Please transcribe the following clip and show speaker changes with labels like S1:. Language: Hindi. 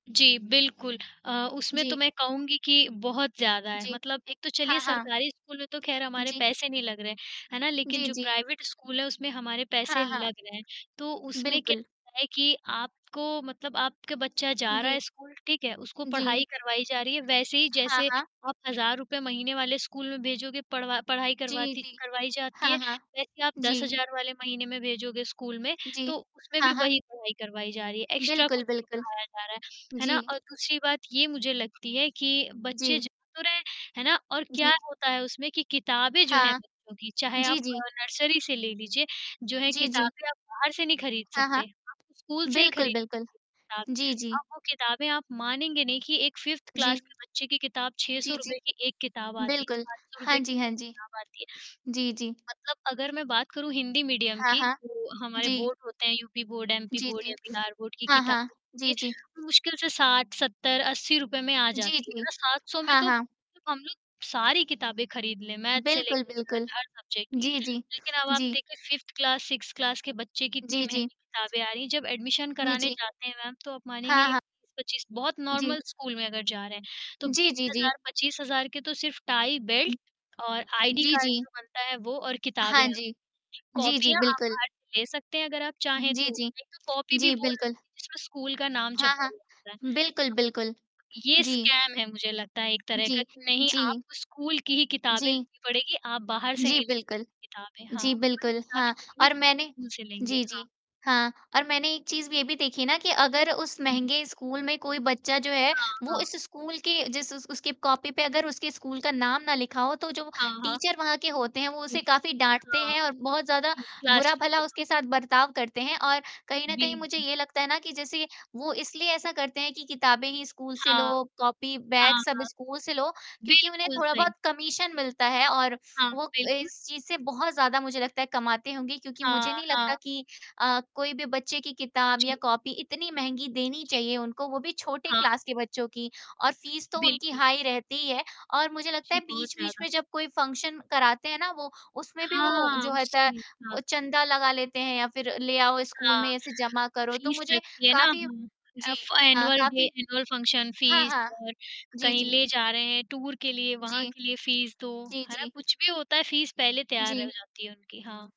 S1: जी बिल्कुल अ, उसमें तो,
S2: जी।
S1: मैं कहूँगी कि बहुत ज़्यादा है।
S2: जी।
S1: मतलब एक तो चलिए,
S2: हाँ, हाँ।
S1: सरकारी स्कूल में तो ख़ैर
S2: उ,
S1: हमारे
S2: जी।
S1: पैसे नहीं लग रहे, है ना? लेकिन
S2: जी,
S1: जो
S2: जी।
S1: प्राइवेट स्कूल है, उसमें हमारे
S2: हाँ,
S1: पैसे
S2: हाँ।
S1: लग रहे हैं। तो उसमें क्या
S2: बिल्कुल।
S1: है कि आपको मतलब आपके बच्चा
S2: हुँ,
S1: जा रहा
S2: जी।
S1: है स्कूल, ठीक है? उसको
S2: जी।
S1: पढ़ाई करवाई जा रही है, वैसे ही,
S2: हाँ,
S1: जैसे
S2: हाँ।
S1: आप ₹1000 महीने वाले स्कूल में भेजोगे, पढ़वा पढ़ाई
S2: जी,
S1: करवाती
S2: जी।
S1: करवाई जाती
S2: हाँ,
S1: है,
S2: हाँ।
S1: वैसे ही आप दस
S2: जी।
S1: हज़ार वाले महीने में भेजोगे स्कूल में,
S2: जी।
S1: तो उसमें
S2: हाँ,
S1: भी
S2: हाँ।
S1: वही पढ़ाई करवाई जा रही है, एक्स्ट्रा
S2: बिल्कुल,
S1: कुछ नहीं
S2: बिल्कुल।
S1: पढ़ाया जा रहा है, है ना?
S2: जी।
S1: और दूसरी बात, ये मुझे लगती है कि बच्चे
S2: जी।
S1: जा तो रहे हैं, है ना? और क्या
S2: जी।
S1: होता है उसमें कि किताबें जो है
S2: हाँ।
S1: बच्चों की, चाहे
S2: जी,
S1: आप
S2: जी।
S1: नर्सरी से ले लीजिए, जो है
S2: जी, जी।
S1: किताबें आप बाहर से नहीं खरीद
S2: हाँ, हाँ।
S1: सकते। आपको स्कूल से ही
S2: बिल्कुल,
S1: खरीद
S2: बिल्कुल।
S1: ताब
S2: जी, जी।
S1: अब वो किताबें आप मानेंगे नहीं कि एक 5th क्लास
S2: जी।
S1: के बच्चे की किताब, छह
S2: जी,
S1: सौ
S2: जी।
S1: रुपए की एक किताब आती है,
S2: बिल्कुल।
S1: ₹500
S2: हाँ
S1: की
S2: जी,
S1: एक
S2: हाँ जी।
S1: किताब आती है।
S2: जी, जी।
S1: मतलब अगर मैं बात करूँ, हिंदी मीडियम
S2: हाँ,
S1: की,
S2: हाँ।
S1: जो हमारे
S2: जी।
S1: बोर्ड होते हैं, यूपी बोर्ड, एमपी
S2: जी,
S1: बोर्ड,
S2: जी।
S1: या बिहार बोर्ड, की
S2: हाँ,
S1: किताब
S2: हाँ।
S1: होती
S2: जी, जी।
S1: है, मुश्किल से 60-70-80 रुपए में आ
S2: जी,
S1: जाती हैं, है
S2: जी।
S1: ना? 700 में
S2: हाँ,
S1: तो
S2: हाँ।
S1: तो हम लोग सारी किताबें खरीद लें, मैथ्स से
S2: बिल्कुल,
S1: लेके
S2: बिल्कुल।
S1: सरट हर सब्जेक्ट की।
S2: जी, जी।
S1: लेकिन अब आप
S2: जी।
S1: देखिए, 5th class, 6th sixth class के बच्चे की इतनी
S2: जी,
S1: महँगी
S2: जी।
S1: किताबें आ रही हैं, जब एडमिशन
S2: जी,
S1: कराने
S2: जी।
S1: जाते हैं मैम, तो आप मानेंगी
S2: हाँ,
S1: नहीं।
S2: हाँ।
S1: 20-25 बहुत
S2: जी।
S1: नॉर्मल स्कूल में अगर जा रहे हैं, तो
S2: जी,
S1: बीस
S2: जी, जी।
S1: हज़ार 25,000 के तो सिर्फ़ टाइ,
S2: हुँ।
S1: बेल्ट, और आईडी
S2: जी,
S1: कार्ड,
S2: जी।
S1: जो बनता है, वो, और किताबें
S2: हाँ
S1: हैं।
S2: जी। जी, जी,
S1: कॉपीयाँ आप
S2: बिल्कुल।
S1: बाहर ले सकते हैं, अगर आप चाहें
S2: जी,
S1: तो।
S2: जी।
S1: एक तो कॉपी भी
S2: जी,
S1: वो
S2: बिल्कुल।
S1: लगेंगी, जिसमें स्कूल का नाम
S2: हाँ,
S1: छपा
S2: हाँ।
S1: हुआ होता है।
S2: बिल्कुल, बिल्कुल।
S1: ये
S2: जी।
S1: स्कैम है, मुझे लगता है, एक तरह का,
S2: जी,
S1: कि "नहीं,
S2: जी।
S1: आपको स्कूल की ही किताबें
S2: जी।
S1: लेनी पड़ेंगी, आप बाहर से
S2: जी,
S1: नहीं ले
S2: बिल्कुल।
S1: सकते किताबें।" हाँ।
S2: जी,
S1: वही
S2: बिल्कुल,
S1: किताबें
S2: हाँ।
S1: चलेंगी, जो
S2: और
S1: आप
S2: मैंने
S1: स्कूल से लेंगे।
S2: जी,
S1: हाँ।
S2: जी। हाँ, और मैंने एक चीज़, ये भी देखी ना कि अगर उस
S1: जी, जी।
S2: महँगे स्कूल में कोई बच्चा जो है,
S1: हाँ,
S2: वो
S1: हाँ।
S2: इस स्कूल के जिस उस उसके कॉपी पे अगर उसके स्कूल का नाम ना लिखा हो, तो जो
S1: हाँ, हाँ।
S2: टीचर वहाँ के होते हैं, वो
S1: जी।
S2: उसे काफ़ी डाँटते
S1: हाँ।
S2: हैं और बहुत ज़्यादा
S1: जी, क्लास
S2: बुरा-भला
S1: टीचर, हाँ।
S2: उसके साथ बर्ताव करते हैं और कहीं न कहीं, मुझे
S1: बिल्कुल।
S2: ये लगता है ना कि जैसे वो इसलिए ऐसा करते हैं कि किताबें ही स्कूल से
S1: हाँ।
S2: लो, कॉपी, बैग,
S1: हाँ,
S2: सब
S1: हाँ।
S2: स्कूल से लो, क्योंकि उन्हें
S1: बिल्कुल
S2: थोड़ा
S1: सही।
S2: बहुत कमीशन मिलता है और
S1: हाँ,
S2: वो अ,
S1: बिल्कुल।
S2: इस चीज़ से बहुत ज़्यादा, मुझे लगता है, कमाते होंगे। क्योंकि
S1: हाँ,
S2: मुझे नहीं
S1: हाँ।
S2: लगता कि अ, कोई भी बच्चे की किताब या
S1: जी।
S2: कॉपी इतनी महँगी देनी
S1: जी,
S2: चाहिए
S1: जी।
S2: उनको, वो भी छोटे
S1: हाँ।
S2: क्लास के बच्चों की। और फ़ीस तो उनकी
S1: बिल्कुल।
S2: हाई रहती ही है, और मुझे लगता
S1: जी,
S2: है,
S1: बहुत
S2: बीच-बीच
S1: ज़्यादा।
S2: में जब कोई फंक्शन कराते हैं ना वो, उसमें भी वो,
S1: हाँ,
S2: जो होता है,
S1: उसमें, हाँ।
S2: ओ, चंदा लगा लेते हैं, या फिर ले आओ स्कूल
S1: हाँ।
S2: में, ऐसे जमा करो। तो
S1: फ़ीस
S2: मुझे
S1: लगती है ना,
S2: काफ़ी
S1: हाँ।
S2: जी
S1: अफ
S2: अ,
S1: एनुअल डे,
S2: काफ़ी
S1: एनुअल फंक्शन
S2: हाँ,
S1: फ़ीस
S2: हाँ।
S1: और
S2: जी,
S1: कहीं
S2: जी।
S1: ले जा रहे हैं, टूर के लिए, वहाँ
S2: जी।
S1: के लिए फ़ीस दो,
S2: जी,
S1: है ना?
S2: जी।
S1: कुछ भी होता है, फ़ीस पहले तैयार रह
S2: जी।
S1: जाती है उनकी। हाँ।